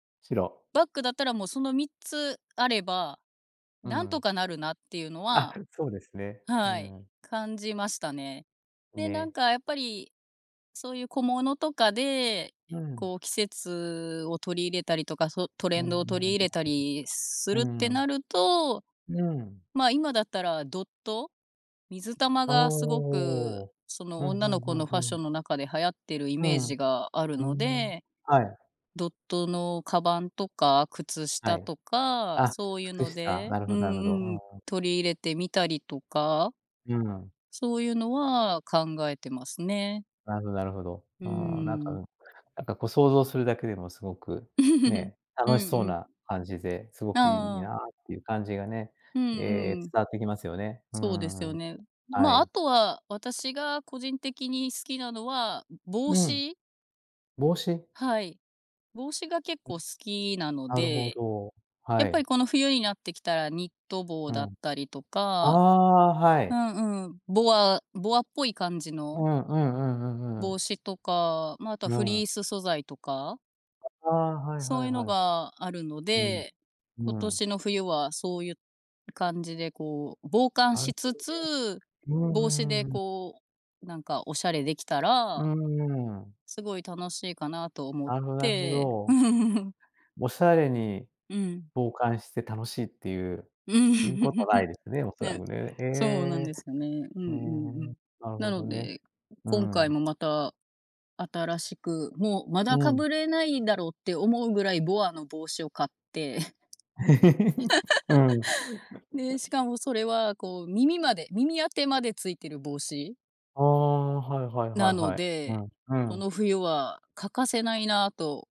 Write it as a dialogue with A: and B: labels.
A: 白。
B: バッグだったらもうその3つあれば、
A: う
B: なんと
A: ん。
B: かなるなっていうの
A: あ、
B: は
A: そうですね。う
B: はい。
A: ん。
B: 感じましたね。で、なん
A: ね。
B: かやっぱり、そういう小物とかで、
A: うん。
B: こう季節を取り入れたりとか、そ、トレ
A: う
B: ン
A: んう
B: ドを取
A: ん
B: り入れたりす
A: う
B: るって
A: ん。うん。
B: なると、
A: うん。
B: まあ、今だったらドット、水玉
A: あ、
B: がすご
A: お
B: く、
A: お。
B: そ
A: ふ
B: の
A: んふ
B: 女の
A: んふ
B: 子
A: ん
B: のフ
A: ふ
B: ァッシ
A: ん。
B: ョンの中で流行ってるイ
A: う
B: メー
A: ん。
B: ジがある
A: う
B: の
A: ん。
B: で、
A: はい。
B: ドットの鞄とか、靴
A: は
B: 下
A: い。
B: とか、
A: あ、
B: そういうの
A: 靴下、
B: で
A: なる
B: う
A: ほ
B: ん
A: どなるほど、
B: うん、
A: うんうん。
B: 取り入れてみたりとか
A: うん。
B: そういうのは考えてますね。
A: なるほなるほど。
B: う
A: うーん、なんか、う
B: ん。
A: ん、なんかこう想像するだけでもすごく、ね、
B: うんう
A: 楽しそう
B: ん。
A: な感じで、すごくいい
B: ああ。
A: なっていう感じがね、
B: うん
A: ええ、伝
B: うん。
A: わってきますよね。う
B: そうで
A: んうん
B: す
A: うん
B: よ
A: うん。
B: ね。
A: は
B: まあ、あ
A: い。
B: とは、私が個人的に好きなのは、う帽
A: うん。
B: 子。
A: 帽子？
B: はい、帽子が結
A: う
B: 構
A: ん、
B: 好きなの
A: なるほ
B: で、
A: ど、
B: や
A: は
B: っぱり
A: い。
B: この冬になってきたら、ニット帽
A: う
B: だっ
A: ん。
B: たりと
A: あ
B: か。
A: あ、は
B: う
A: い。
B: んうん、ボアボアっぽい感じ
A: う
B: の
A: ん、うんうんうんう
B: 帽
A: ん。
B: 子とか、まあ、あとは
A: う
B: フ
A: ん。
B: リース素材とか。
A: あ、ああ、はいは
B: そ
A: い
B: ういうの
A: はい。
B: があるの
A: うん、
B: で、今
A: うん。
B: 年の冬はそういう感じでこう、防寒
A: あん
B: し
A: ほ
B: つ
A: どね。
B: つ、
A: うんう
B: 帽子
A: ん
B: で
A: うんうん。
B: こう、なんかおしゃれできた
A: うー
B: ら、
A: ん。
B: すごい楽しいかなと思っ
A: あんほど、なるほ
B: て。
A: ど。おしゃれに、
B: うん。
A: 防寒して楽しいっていう、
B: うん。
A: 言うことない ですね、おそら
B: ね、
A: くね。え
B: そうなん
A: え。
B: ですよね。うんう
A: うー
B: んう
A: ん、
B: ん。
A: なる
B: な
A: ほど
B: の
A: ね。
B: で、う
A: う
B: 今回
A: ん。
B: もまた新しく、もう、ま
A: う
B: だか
A: ん。
B: ぶれないだろうって思うぐらいボアの帽子を買って。
A: うん。
B: で、しかもそれは、こう耳まで、耳当てまでついてる帽子、
A: ああ、はいはいは
B: な
A: い
B: の
A: はい。う
B: で、
A: ん、う
B: こ
A: ん。
B: の冬は欠かせないなと。